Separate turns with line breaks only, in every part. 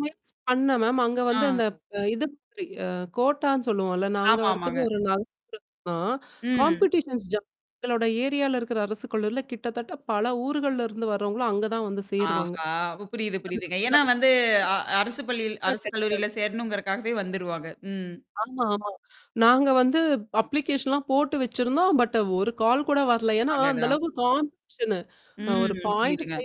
முயற்ச்சி பண்ணேன் மேம். அங்க வந்து
ஆ.
இந்த, இது ப் இப்டி அ கோட்டான்னு சொல்லுவோம்ல. நாங்க
ஆமா,
இருக்குறது
ஆமாங்க.
ஒரு [unintelligible] தான்.
ம்.
காம்பிடிஷன்ஸ் ஜாஸ்தி எங்களோட ஏரியால இருக்கிற அரசு கல்லூரியில கிட்டத்தட்ட பல ஊருகளிருந்து வரவங்களும் அங்க தான் வந்து சேருவாங்க.
ஆஹா! புரியுது, புரியுதுங்க. ஏன்னா வந்து, அ அரசு பள்ளியில் அரசு
[unintelligible]
கல்லூரியில சேரணும்ங்கறதுகாகவே வந்திருவாங்க. ம்.
ஆமா, ஆமா. நாங்க வந்து அப்ளிகேஷன்லாம் போட்டு வச்சிருந்தோம் பட் ஒரு கால் கூட வரல ஏன்னா அந்த
அடடா!
அளவுக்கு காம்படீஷனு ஒரு
ம்.
0.5
புரியுதுங்க.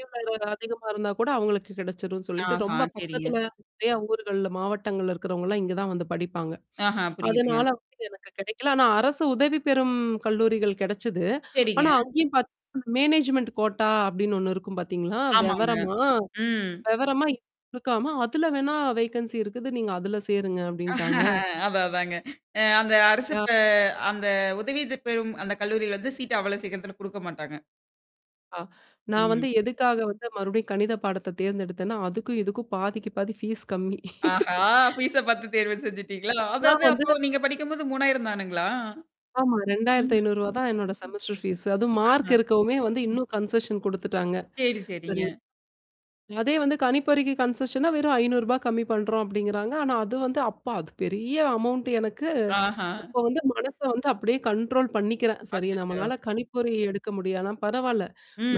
அதிகமா இருந்தா கூட அவங்களுக்கு கிடைச்சிரும்ன்னு சொல்லிட்டு,
ஆஹ,
ரொம்ப
சரிங்க.
பக்கத்தில நிறைய ஊர்கள்ல மாவட்டங்கள்ல் இருக்கிறவங்கலாம் இங்க தான் வந்து படிப்பாங்க.
ஆஹா
அதனால
புரியுதுங்க.
வந்துட்டு எனக்கு கிடைக்கல. ஆனா அரசு உதவி பெறும் கல்லூரிகள் கிடச்சிது.
சரிங்க.
ஆனா, அங்கயும் பார்த்தீங்கன்னா, மேனேஜ்மென்ட் கோட்டா அப்டின்னு ஒண்ணு இருக்கும் பார்த்தீங்களா?
ஆமாங்க.
விவரமா
ம்.
விவரமா இதுல குடுக்காம அதில வேணா வேக்கன்சி இருக்குது, நீங்க அதில சேருங்க அப்டின்ட்டாங்க.
அதான், அதான்ங்க. அ அந்த அரசு
யா
பே அந்த உதவி இது பெறும் அந்த கல்லூரியில வந்து சீட் அவ்வளவு சீக்கிரத்தில கொடுக்க மாட்டாங்க.
ஆ நான் வந்து
ம்.
எதுக்காக வந்து மறுபடியும் கணித பாடத்த தேர்ந்தெடுத்தேனா, அதுக்கும் இதுக்கும் பாதிக்கு பாதி, ஃபீஸ் கம்மி
ஆஹா பீஸ்ஸ பார்த்து தேர்வு செஞ்சுட்டீங்களா?
எல்லாம்
அதாது
வந்து
நீங்க படிக்கும்போது ரூ. 3,000 தானுங்கலா?
ஆமா
ம்.
ரெண்டாயிரத்து
ம்.
ஐநூறு ரூபாய் தான் என்னோட செமஸ்டர் ஃபீஸு அதுவும் மார்க்
அஹ.
இருக்கவுமே வந்து இன்னும் கன்செஷன் கொடுத்துட்டாங்க.
சரி,
சரி.
சரிங்க.
அதே வந்து கணிப்பொறிக்கு கன்சஷன்னா வெறும் ரூ. 500 கம்மி பண்றோம் அப்டிங்கிறாங்க. ஆனா அது வந்து, அப்போ அது பெரிய அமௌன்ட் எனக்கு.
ஆஹா!
அப்போ வந்து மனச வந்து அப்டியே கண்ட்ரோல் பண்ணிக்கிறேன். சரி
அச்சச்சோ.
நம்மளால கணிப்பொறி எடுக்க முடியாது ஆனா பரவால்ல,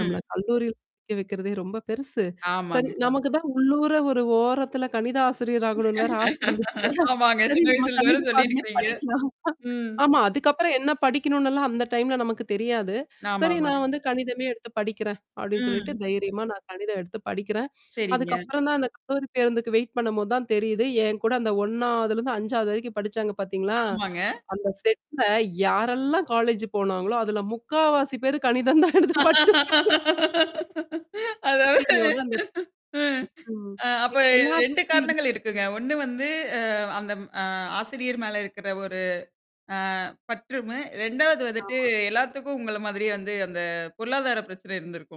நம்மள கல்லூரியில் படிக்க வைக்கிறதே ரொம்ப பெருசு. சரி
ஆமாங்க.
நமக்கு தான் உள்ளூற ஒரு ஓரத்தில கணித ஆசிரியர் ஆகணுன்னு வேறு ஆச இருந்துச்சுல்ல
ஆமாங்க
சரி
சின்ன
நம்ம
வயசுல இருந்து வர
கணித பாடமே
சொல்லிருக்கீங்க.
படிக்கலாம்.
ம்.
ஆமா. அதுக்கப்புறம் என்ன படிக்கணும்னுலாம் அந்த டைம்ல நமக்கு தெரியாது.
ஆமா,
சரி
ஆமாங்க.
நான் வந்து கணிதமே எடுத்து படிக்கிறேன் அப்டின்னு சொல்லிட்டு
ம்.
தைரியமா நான் கணிதம் எடுத்து படிக்கிறேன்
சரிங்க.
அதுக்கப்புறம் தான் அந்த கல்லூரி பேருந்துக்கு வெயிட் பண்ணும்போது தான் தெரியுது, என்கூட அந்த 1வதுலருந்து 5வது வரைக்கும் படிச்சாங்க பார்த்தீங்களா?
ஆமாங்க.
அந்த செட்ல யாரெல்லாம் காலேஜ் போனாங்களோ, அதில 3/4வாசி பேர் கணிதம் தான் எடுத்து படிச்சிருக்காங்க.
அதாது
ஐஐயோனு அந்த
ம்.
ம். ம்.
அ அப்போ
எங்க எல்லாருக்கும்
2
இருக்குமே ஒரு
காரணங்கள் இருக்குங்க. 1 வந்து அ அந்த ம் அ ஆசிரியர் மேல இருக்கிற ஒரு ஆ பற்றும் 2வது வந்துட்டு
ஆமா.
எல்லாத்துக்கும் உங்கள மாரியே வந்து அந்த பொருளாதார பிரச்சனை இருந்திருக்கும்.